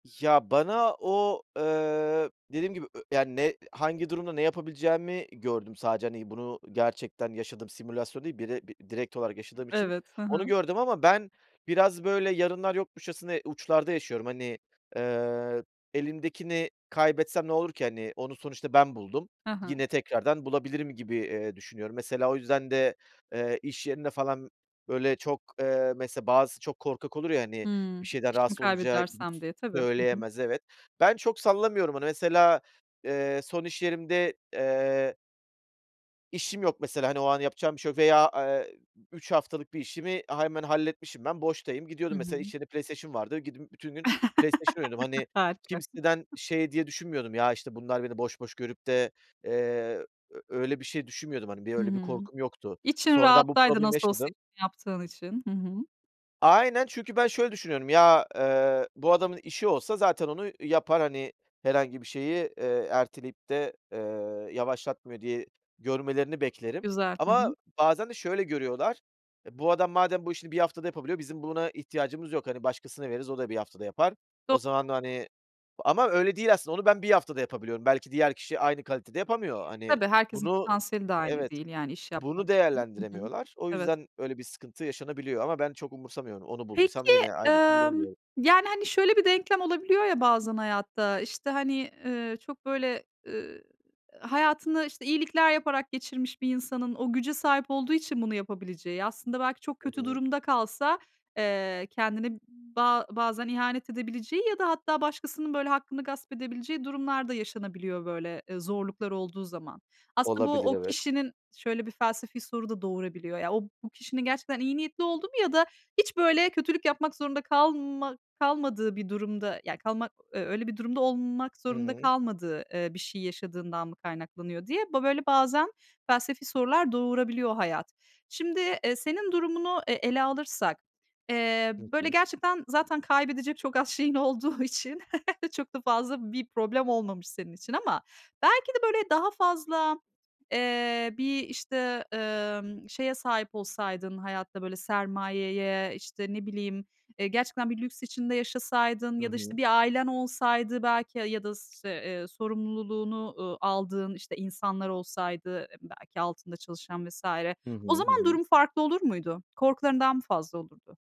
Ya, bana o, eee, dediğim gibi ö yani, ne hangi durumda ne yapabileceğimi gördüm sadece, hani, bunu gerçekten yaşadığım simülasyon değil bire b direkt olarak Iıı, yaşadığım için evet. Ha onu ha. gördüm ama ben biraz, böyle, yarınlar yokmuşçasına uçlarda yaşıyorum. Hani, eee, elimdekini kaybetsem ne olur ki? Hani, onu sonuçta ben buldum. He he. Yine tekrardan bulabilirim gibi, eee, düşünüyorum. Mesela o yüzden de, eee, iş yerinde falan, böyle, çok, eee, mesela bazısı çok korkak olur ya, hani, bir Hımm, şeyden işimi rahatsız olunca gidip kaybedersem, s diye tabii. Hı hı. söyleyemez, evet. Ben çok sallamıyorum onu mesela, eee, son iş yerimde, eee İşim yok mesela, hani, o an yapacağım bir şey yok veya, eee, 3 haftalık bir işimi a hemen halletmişim, ben boştayım. Gidiyordum, Hı hı. mesela içeride PlayStation vardı. Gidip bütün gün PlayStation oynuyordum, hani, Harika. kimseden, şey diye düşünmüyordum "Ya, işte, bunlar beni boş boş görüp de" eee, ö öyle bir şey düşünmüyordum hani. Bir Hı öyle bir hı. korkum yoktu. İçin Sonradan bu rahattaydı problemi nasıl olsa yaşadım. işini yaptığın için. Hı hı. Aynen çünkü ben şöyle düşünüyorum ya, eee, bu adamın işi olsa zaten onu yapar, hani, herhangi bir şeyi, eee, erteleyip de, eee, yavaşlatmıyor, diye görmelerini beklerim. Güzel. Hı hı. Ama bazen de şöyle görüyorlar. E, bu adam madem bu işini bir haftada yapabiliyor bizim buna ihtiyacımız yok, hani, başkasına veririz, o da bir haftada yapar. Do O zaman, hani, ama öyle değil aslında onu ben 1 haftada yapabiliyorum. Belki diğer kişi aynı kalitede yapamıyor. Hani, Tabii, herkesin bunu potansiyeli de aynı Evet, değil. Yani, iş yapma. bunu Hı hı, hı hı. değerlendiremiyorlar. O Evet. yüzden öyle bir sıkıntı yaşanabiliyor ama ben çok umursamıyorum. Onu bulduysam Peki, yine aynı işi bulurum, emm, diyorum. yani, hani, şöyle bir denklem olabiliyor ya bazen hayatta, işte, hani, ııı, çok, böyle, ııı, hayatını, işte, iyilikler yaparak geçirmiş bir insanın o güce sahip olduğu için bunu yapabileceği, aslında belki çok Hı kötü hı. durumda kalsa, eee, kendine ba bazen ihanet edebileceği ya da hatta başkasının, böyle, hakkını gasp edebileceği durumlar da yaşanabiliyor, böyle, eee, zorluklar olduğu zaman. Aslında bu, Olabilir, o evet. kişinin şöyle bir felsefi soru da doğurabiliyor. Ya, o bu kişinin gerçekten iyi niyetli olduğu mu ya da hiç, böyle, kötülük yapmak zorunda kalma kalmadığı bir durumda, ya kalmak, eee, öyle bir durumda olmak Hı zorunda hı. kalmadığı, eee, bir şey yaşadığından mı kaynaklanıyor, diye ba böyle, bazen felsefi sorular doğurabiliyor hayat. Şimdi, eee, senin durumunu, eee, ele alırsak, eee, Hı böyle, hı. gerçekten zaten kaybedecek çok az şeyin olduğu için çok da fazla bir problem olmamış senin için ama belki de, böyle, daha fazla, eee, bir, işte, emm, şeye sahip olsaydın hayatta, böyle, sermayeye, işte, ne bileyim, eee, gerçekten bir lüks içinde yaşasaydın Hı ya da, işte, hı. bir ailen olsaydı belki ya ya da s işte, eee, sorumluluğunu, ııı, aldığın, işte, insanlar olsaydı, eee, belki altında çalışan vs. Hı o hı. Hı zaman hı. durum farklı olur muydu? Korkuların daha mı fazla olurdu?